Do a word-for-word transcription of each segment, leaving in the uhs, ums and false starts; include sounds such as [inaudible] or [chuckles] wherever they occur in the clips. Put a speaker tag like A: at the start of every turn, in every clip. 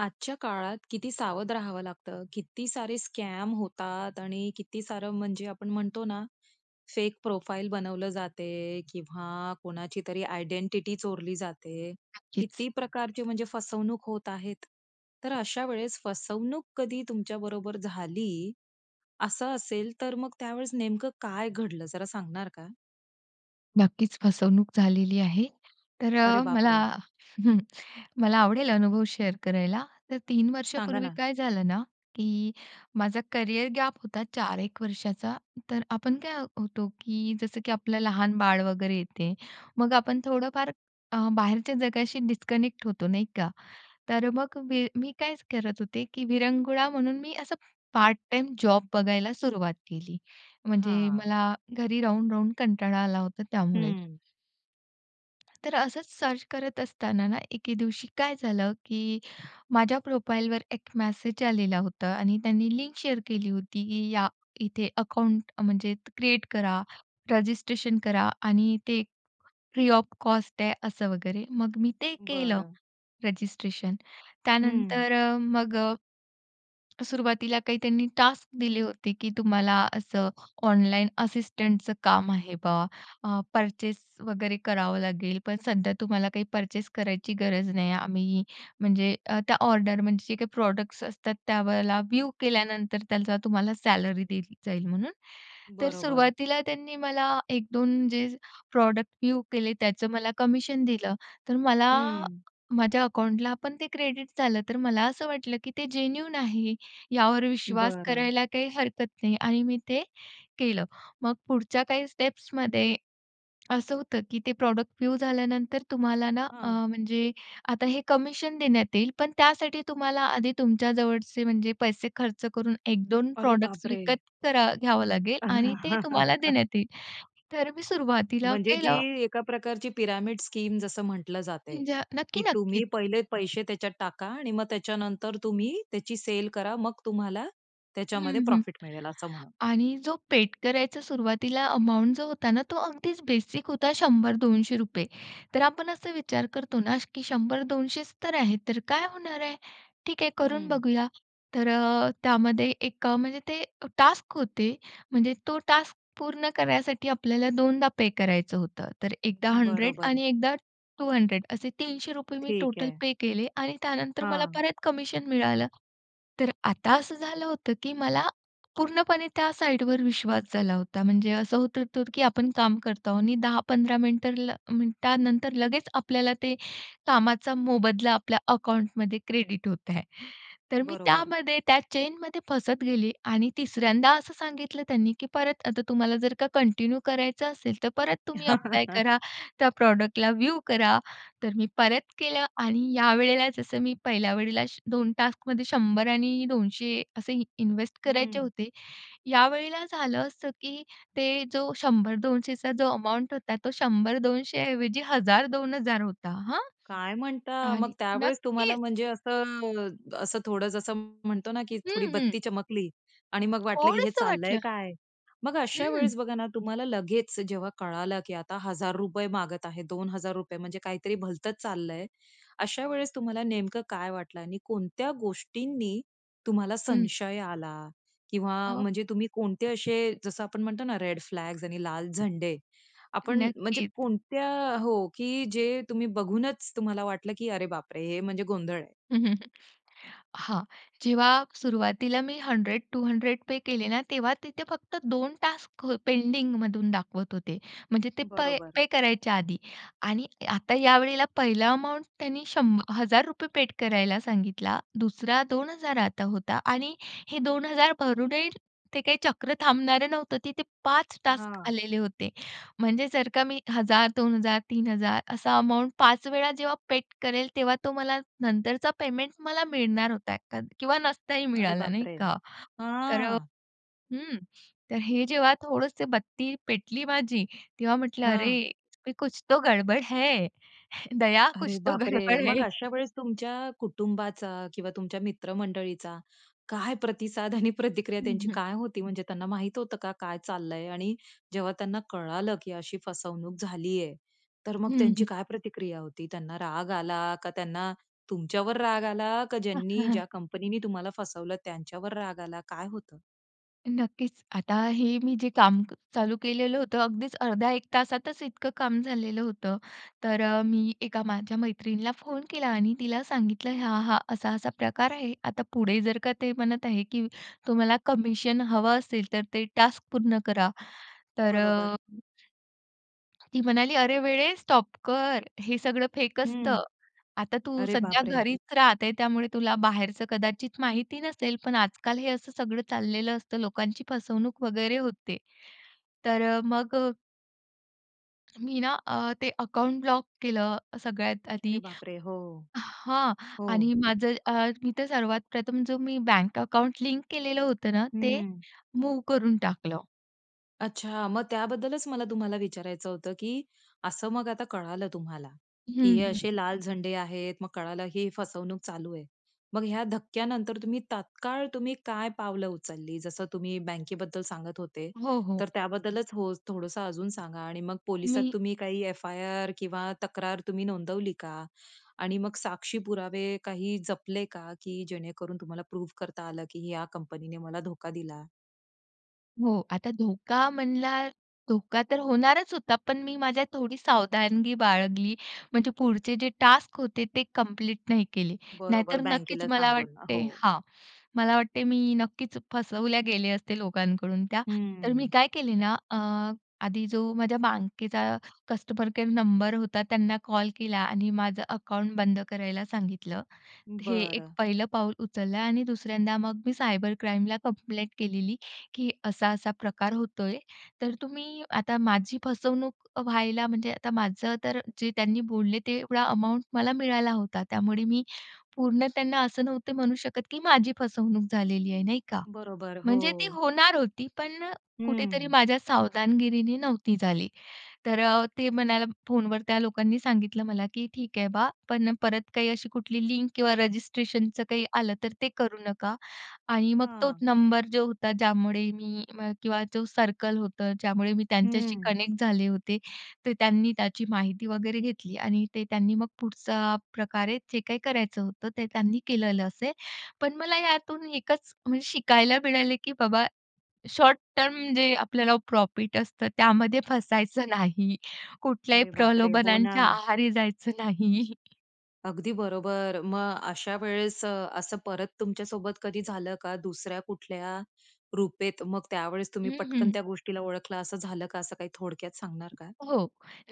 A: आजच्या काळात किती सावध राहावं लागतं, किती सारे स्कॅम होतात आणि किती सारं म्हणजे आपण म्हणतो ना फेक प्रोफाइल बनवलं जाते किंवा कोणाची तरी आयडेंटिटी चोरली जाते.
B: नक्कीच.
A: किती प्रकारचे म्हणजे फसवणूक होत आहेत. तर अशा वेळेस फसवणूक कधी तुमच्या बरोबर झाली, असं असेल तर मग त्यावेळेस नेमकं काय घडलं? जरा सांगणार का?
B: नक्कीच फसवणूक झालेली आहे. तर
A: अरे
B: अ,
A: बाप
B: मला
A: रे!
B: [chuckles] मला आवडेल अनुभव शेअर करायला. तर तीन
A: सांगा
B: वर्षापूर्वी
A: ना.
B: काय झालं ना की माझा करियर गॅप होता चार एक वर्षाचा. तर आपण काय होतो की जसं की आपलं लहान बाळ वगैरे येते. मग आपण थोडंफार अ, बाहेरच्या जगाशी डिस्कनेक्ट होतो नाही का? तर मग मी मी काय करत होते की विरंगुळा म्हणून मी असं पार्ट टाईम जॉब बघायला सुरुवात केली. म्हणजे
A: हां.
B: मला घरी राहून-राहून कंटाळा आला होता त्यामुळे.
A: हं.
B: तर असंच सर्च करत असताना ना एके दिवशी काय झालं की माझ्या प्रोफाईलवर एक मेसेज आलेला होता आणि त्यांनी लिंक शेअर केली होती की या इथे अकाउंट म्हणजे क्रिएट करा, रजिस्ट्रेशन करा आणि ते फ्री ऑफ कॉस्ट आहे असं वगैरे मग मी ते केलं
A: बरं.
B: रजिस्ट्रेशन.
A: हं.
B: त्यानंतर अ, मग अ सुरुवातीला काही त्यांनी टास्क दिले होते की तुम्हाला असं ऑनलाईन असिस्टंटच काम आहे बा. अ, पर्चेस वगैरे करावं लागेल पण सध्या तुम्हाला काही पर्चेस करायची गरज नाही. आम्ही म्हणजे अ, त्या ऑर्डर म्हणजे जे काही प्रॉडक्ट्स असतात त्यावेळेला व्ह्यू केल्यानंतर त्याचा तुम्हाला सॅलरी दिली जाईल म्हणून. तर
A: बरोबर.
B: सुरुवातीला त्यांनी मला एक दोन जे प्रॉडक्ट व्ह्यू केले त्याचं मला कमिशन दिलं. तर मला
A: हं.
B: माझ्या अकाउंटला पण ते क्रेडिट झालं. तर मला असं वाटलं, की ते जेन्यूइन आहे यावर विश्वास
A: बरं.
B: करायला काही हरकत नाही आणि मी ते केलं. मग पुढच्या काही स्टेप्समध्ये असं होतं की ते प्रॉडक्ट व्ह्यू झाल्यानंतर तुम्हाला ना अ,
A: हां.
B: म्हणजे आता हे कमिशन देण्यात येईल. पण त्यासाठी तुम्हाला, आधी तुमच्या जवळचे म्हणजे पैसे खर्च करून एक दोन
A: अरे
B: प्रॉडक्ट्स
A: बापरे!
B: विकत तर घ्यावं लागेल आणि ते तुम्हाला
A: [chuckles]
B: देण्यात येईल. तर मी सुरुवातीला
A: म्हणजे
B: केलं.
A: जी एका प्रकारची पिरॅमिड स्कीम जसं म्हटलं जातंय,
B: अज
A: की
B: नक्की
A: तुम्ही
B: नक्कीच.
A: पहिले पैसे त्याच्यात टाका आणि मग त्याच्यानंतर तुम्ही त्याची सेल करा. मग तुम्हाला
B: हं,
A: त्याच्यामध्ये
B: हं.
A: प्रॉफिट मिळेल असं म्हणा.
B: आणि जो पेड करायचं सुरुवातीला अमाउंट जो होता ना तो अगदीच बेसिक होता शंभर दोनशे रुपये तर आपण असा विचार करतो ना की शंभर दोनशेच तर आहे तर काय होणार आहे? ठीक आहे करून
A: हं.
B: बघूया. तर अ, त्यामध्ये एक म्हणजे ते टास्क होते म्हणजे तो टास्क पूर्ण करण्यासाठी आपल्याला दोनदा पे करायचं होतं. तर एकदा हंड्रेड
A: बरोबर.
B: आणि एकदा टू हंड्रेड असे तीनशे रुपये मी
A: ठीक
B: टोटल
A: आहे.
B: पे केले आणि त्यानंतर मला
A: हां.
B: परत कमिशन मिळालं तर आता असं झालं होतं, की मला पूर्णपणे त्या साइडवर विश्वास झाला होता. म्हणजे असं होत होतं की आपण काम करतो आहोत आणि दहा पंधरा मिनिटं मिनिटानंतर लगेच आपल्याला ते कामाचा मोबदला आपल्या अकाउंटमध्ये क्रेडिट होत आहे. तर मी
A: बरोबर.
B: त्यामध्ये त्या चेनमध्ये फसत गेले आणि तिसऱ्यांदा असं सांगितलं त्यांनी की परत, आता तुम्हाला जर का कंटिन्यू करायचं असेल, तर परत तुम्ही ॲप्लाय
A: [chuckles]
B: करा. त्या प्रॉडक्टला व्ह्यू करा. तर मी परत केलं आणि यावेळेला जसं मी पहिल्या वेळेला दोन टास्कमध्ये शंभर आणि दोनशे असे इन्वेस्ट करायचे
A: हं.
B: होते. यावेळेला झालं असं की ते जो शंभर दोनशेचा जो अमाउंट होता, तो शंभर दोनशे ऐवजी हजार दोन हजार होता हां.
A: काय म्हणता. मग
B: आणि
A: त्यावेळेस तुम्हाला
B: नक्कीच.
A: म्हणजे असं अ, असं थोडं जसं म्हणतो ना की थोडी
B: हं, हं.
A: बत्ती चमकली आणि मग वाटलं की हे
B: थोडसं
A: चाललंय
B: वाटलं
A: काय? मग अशा
B: हं.
A: वेळेस बघा ना तुम्हाला लगेच जेव्हा कळालं की आता हजार रुपये मागत आहे, दोन हजार म्हणजे काहीतरी भलतंच चाललंय. अशा वेळेस तुम्हाला नेमकं काय वाटलं आणि कोणत्या गोष्टींनी तुम्हाला
B: हं.
A: संशय आला किंवा
B: अ
A: म्हणजे तुम्ही कोणते अशे जसं आपण म्हणतो ना रेड फ्लॅग्स आणि लाल झंडे, आपण म्हणजे
B: नक्कीच.
A: कोणत्या हो. की जे तुम्ही बघूनच तुम्हाला वाटलं की अरे बापरे! हे म्हणजे गोंधळ आहे?
B: [chuckles] हां. जेव्हा सुरुवातीला मी हंड्रेड टू हंड्रेड पे केले ना तेव्हा तिथे फक्त दोन टास्क पेंडिंगमधून दाखवत होते. म्हणजे ते पै
A: बरोबर.
B: पे करायच्या आधी आणि आता या वेळेला पहिलं अमाउंट त्यांनी शंभ हजार रुपये पेड करायला सांगितला. दुसरा दोन हजार आता होता आणि हे दोन हजार भरूनही ते काही चक्र थांबणारं नव्हतं तिथे पाच टास्क
A: हां.
B: आलेले होते. म्हणजे जर का मी हजार दोन हजार तीन हजार असा अमाउंट पाच वेळा जेव्हा पेड करेल तेव्हा तो मला नंतरचा पेमेंट मला मिळणार होता का किंवा नसताही
A: अरे
B: मिळाला नाही
A: बापरे!
B: का? तर अ,
A: हां.
B: हं. तर हे जेव्हा थोडंसं बत्ती पेटली माझी, तेव्हा म्हटलं, अरे
A: हां.
B: इसमें कुछ तो गडबड है. दया
A: अरे
B: कुछ तो
A: बापरे!
B: गडबड
A: मग
B: है
A: अशा वेळेस तुमच्या कुटुंबाचा किंवा तुमच्या मित्रमंडळीचा काय प्रतिसाद आणि प्रतिक्रिया
B: हं,
A: त्यांची
B: हं.
A: काय होती. म्हणजे त्यांना माहित होतं का काय चाललंय आणि जेव्हा त्यांना कळालं की अशी फसवणूक झाली आहे. तर मग
B: हं,
A: त्यांची
B: हं.
A: काय प्रतिक्रिया होती. त्यांना राग आला का? त्यांना तुमच्यावर राग आला का, ज्यांनी
B: [chuckles]
A: ज्या कंपनी नी तुम्हाला फसवलं त्यांच्यावर राग आला. काय होतं?
B: नक्कीच. आता हे मी जे काम क चालू केलेलं होतं अगदीच अर्ध्या एक तासातच इतकं काम झालेलं होतं. तर अ, मी एका माझ्या मैत्रिणीला फोन केला आणि तिला सांगितलं, "हा-हा, असा-असा प्रकार आहे." आता पुढे जर का ते म्हणत आहे, की तुम्हाला कमिशन हवं असेल तर ते टास्क पूर्ण करा, तर अ,
A: बरोबर.
B: ती म्हणाली, "अरे वेडे स्टॉप कर. हे सगळं फेक
A: हं,
B: असतं. आता तू
A: अरे
B: सध्या
A: बापरे!
B: घरीच राहते त्यामुळे तुला बाहेरचं कदाचित माहिती नसेल. पण आजकाल हे असं सगळं चाललेलं असतं. लोकांची फसवणूक वगैरे होते." तर मग अ मी ना अ, ते अकाउंट ब्लॉक केलं सगळ्यात
A: अरे
B: आधी.
A: बापरे! हो,
B: हां
A: हो.
B: आणि माझं अ, मी तर सर्वात प्रथम जो मी बँक अकाउंट लिंक केलेलं होतं ना, ते
A: हं.
B: मूव्ह करून टाकलं.
A: अच्छा! मग त्याबद्दलच मला तुम्हाला विचारायचं होतं, की असं मग आता कळालं तुम्हाला, की
B: हं,
A: हे
B: हं.
A: असे लाल झंडे आहेत. मग कळालं ही फसवणूक चालू आहे. मग ह्या धक्क्यानंतर तुम्ही तात्काळ तुम्ही काय पावलं उचलली? जसं तुम्ही बँकेबद्दल सांगत होते,
B: हो, हो.
A: तर त्याबद्दलच हो, थोडंसं अजून सांगा आणि मग पोलिसात
B: मी
A: तुम्ही काही एफ-आय-आर किंवा तक्रार तुम्ही नोंदवली का? आणि मग साक्षी पुरावे काही जपले का की जेणेकरून तुम्हाला प्रूव्ह करता आलं की या कंपनीने मला धोका दिला?
B: हो, आता धोका म्हणला धोका तर होणारच होता. पण मी माझ्या थोडी सावधानगी बाळगली. म्हणजे पुढचे जे टास्क होते ते कंप्लीट नाही केले.
A: बरोबर,
B: नाहीतर नक्कीच
A: बँकेला
B: मला
A: सांगून.
B: वाटते
A: हो.
B: हां. मला वाटते मी नक्कीच फसवल्या गेले असते लोकांकडून त्या, तर मी
A: हम्म.
B: काय केले ना अ, आधी जो माझ्या बँकेचा कस्टमर केअर नंबर होता त्यांना कॉल केला आणि माझं अकाउंट बंद करायला सांगितलं. हे एक
A: बरं.
B: पहिलं पाऊल उचललं आणि दुसऱ्यांदा मग मी सायबर क्राईमला कंप्लेंट केलेली की असा-असा प्रकार होतोय, तर तुम्ही आता माझी फसवणूक व्हायला म्हणजे आता माझं तर जे त्यांनी बोलले ते एवढा अमाउंट मला मिळाला होता. त्यामुळे मी पूर्ण त्यांना असं नव्हते म्हणू शकत की माझी फसवणूक झालेली आहे, नाही का?
A: बरोबर,
B: म्हणजे ती
A: हो.
B: होणार होती पण अ, कुठेतरी
A: हं.
B: माझ्या सावधानगिरीने नव्हती झाली. तर अ, ते म्हणायला फोन वर त्या लोकांनी सांगितलं मला की ठीक आहे बा, पण परत काही अशी कुठली लिंक किंवा रजिस्ट्रेशनचं काही आलं तर ते करू नका. आणि मग तो
A: हां.
B: नंबर जो होता ज्यामुळे मी म किंवा जो सर्कल होतं, ज्यामुळे मी त्यांच्याशी
A: हं.
B: कनेक्ट झाले होते, तर त्यांनी त्याची माहिती वगैरे घेतली आणि ते त्यांनी मग पुढचा प्रकारे जे काही करायचं होतं ते त्यांनी केलेलं असेल. पण मला यातून एकच म्हणजे शिकायला मिळाले की बाबा शॉर्ट-टर्म जे आपल्याला प्रॉफिट असतं, त्यामध्ये फसायचं नाही. कुठल्याही
A: अरे बापरे! हो
B: प्रलोभनांच्या
A: ना.
B: आहारी जायचं नाही. [chuckles]
A: अगदी बरोबर. मग अशावेळेस अ, असं परत तुमच्यासोबत कधी झालं का? दुसऱ्या कुठल्या रूपेत मग, त्यावेळेस तुम्ही
B: हं,
A: पटकन
B: हं.
A: त्या गोष्टीला ओळखलं असं झालं का? असं काही थोडक्यात सांगणार का?
B: हो.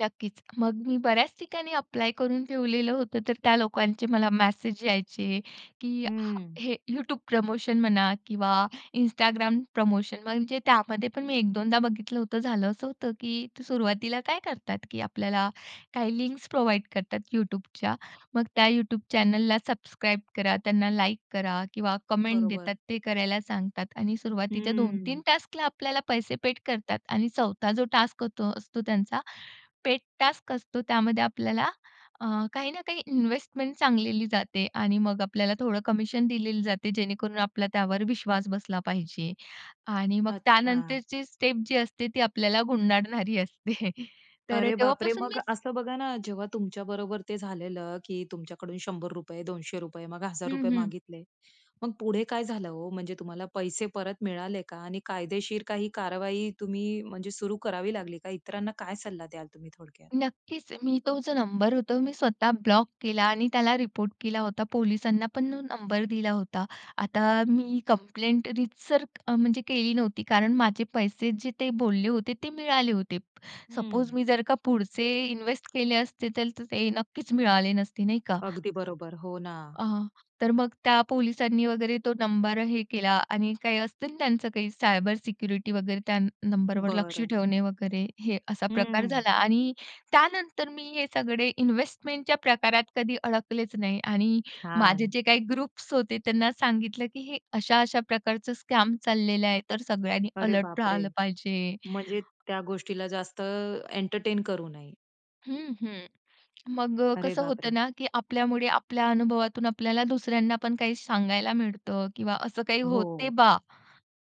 B: नक्कीच. मग मी बऱ्याच ठिकाणी अप्लाय करून ठेवलेलं होतं तर, त्या लोकांचे मला मेसेज यायचे की हा
A: हम्म.
B: हे YouTube प्रमोशन म्हणा किंवा Instagram प्रमोशन. म्हणजे त्यामध्ये पण मी एक दोनदा बघितलं होतं. झालं असं होतं की सुरुवातीला काय करतात की आपल्याला काही लिंक्स प्रोव्हाईड करतात YouTubeच्या. मग त्या YouTube चॅनेलला सबस्क्राईब करा, त्यांना लाइक करा किंवा कमेंट देतात
A: बरोबर.
B: ते करायला सांगतात आणि सुरुवातीच्या दोन
A: हम्म.
B: तीन टास्कला आपल्याला पैसे पेड करतात आणि चौथा जो टास्क असतो त्यांचा, पेड टास्क असतो. त्यामध्ये आपल्याला अ, काही ना काही इन्व्हेस्टमेंट सांगलेली जाते आणि मग आपल्याला थोडं कमिशन दिलेली जाते जेणेकरून, आपला त्यावर विश्वास बसला पाहिजे आणि मग
A: अच्छा.
B: त्यानंतरची स्टेप जी असते ती आपल्याला गुंडाळणारी असते. [chuckles] तर
A: अरे बापरे!
B: तेव्हापासून
A: मग
B: मी
A: असं बघा ना, जेव्हा तुमच्या बरोबर ते झालेलं की तुमच्याकडून शंभर रुपये, दोनशे रुपये मग हजार
B: हं,
A: रुपये
B: हं.
A: मागितले. मग पुढे काय झालं हो? म्हणजे तुम्हाला पैसे परत मिळाले का? आणि कायदेशीर काही कारवाई तुम्ही म्हणजे सुरू करावी लागली का? इतरांना काय सल्ला द्याल तुम्ही थोडक्यात?
B: नक्कीच. मी तो जो नंबर होता, मी स्वतः ब्लॉक केला आणि त्याला रिपोर्ट केला होता. पोलिसांना पण तो नंबर दिला होता. आता मी कंप्लेंट रीतसर अ, म्हणजे केली नव्हती. कारण माझे पैसे जे ते बोलले होते ते, मिळाले होते. सपोज
A: हं.
B: मी जर का पुढचे इन्वेस्ट केले असते तर ते नक्कीच मिळाले नसते. नाही का?
A: अगदी बरोबर. हो ना.
B: अहं, तर मग त्या पोलिसांनी वगैरे तो नंबर हे केला आणि काही असतं ना त्यांचं काही, सायबर सिक्युरिटी वगैरे त्या नंबरवर लक्ष
A: बरं.
B: ठेवणे वगैरे, हे असा प्रकार
A: हम्म.
B: झाला आणि त्यानंतर मी हे सगळे इन्व्हेस्टमेंटच्या प्रकारात कधी अडकलेच नाही आणि माझे
A: छान.
B: जे काही ग्रुप्स होते, त्यांना सांगितलं की हे अशा-अशा प्रकारचं स्कॅम चाललेलं आहे. तर सगळ्यांनी
A: अरे
B: अलर्ट
A: बापरे!
B: राहायला पाहिजे.
A: म्हणजे त्या गोष्टीला जास्त एंटरटेन करू नये.
B: हं, हं. [smacks lips] मग
A: अरे
B: कसं होतं
A: बापरे!
B: ना की आपल्यामुळे, आपल्या अनुभवातून आपल्याला दुसऱ्यांना पण काही सांगायला मिळतं किंवा असं काही होते
A: हो.
B: बा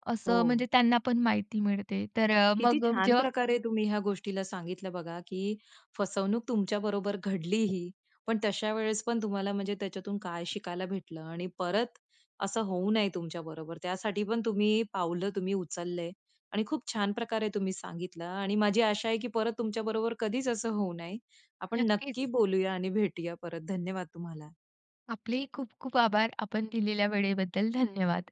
B: असं,
A: हो.
B: म्हणजे त्यांना पण माहिती मिळते. तर
A: किती
B: मग
A: छान
B: जेव्हा
A: प्रकारे तुम्ही ह्या गोष्टीला सांगितलं बघा, की फसवणूक तुमच्या बरोबर घडली ही, पण तशा वेळेस पण तुम्हाला म्हणजे त्याच्यातून काय शिकायला भेटलं आणि परत असं होऊ नये तुमच्याबरोबर, त्यासाठी पण तुम्ही पावलं, तुम्ही उचललंय आणि खूप छान प्रकारे तुम्ही सांगितलं आणि माझी आशा आहे की परत तुमच्या बरोबर कधीच असं होऊ नये. आपण नक्की
B: नक्कीच.
A: बोलूया आणि भेटूया परत. धन्यवाद तुम्हाला.
B: आपलेही खूप-खूप आभार. आपण दिलेल्या वेळेबद्दल धन्यवाद!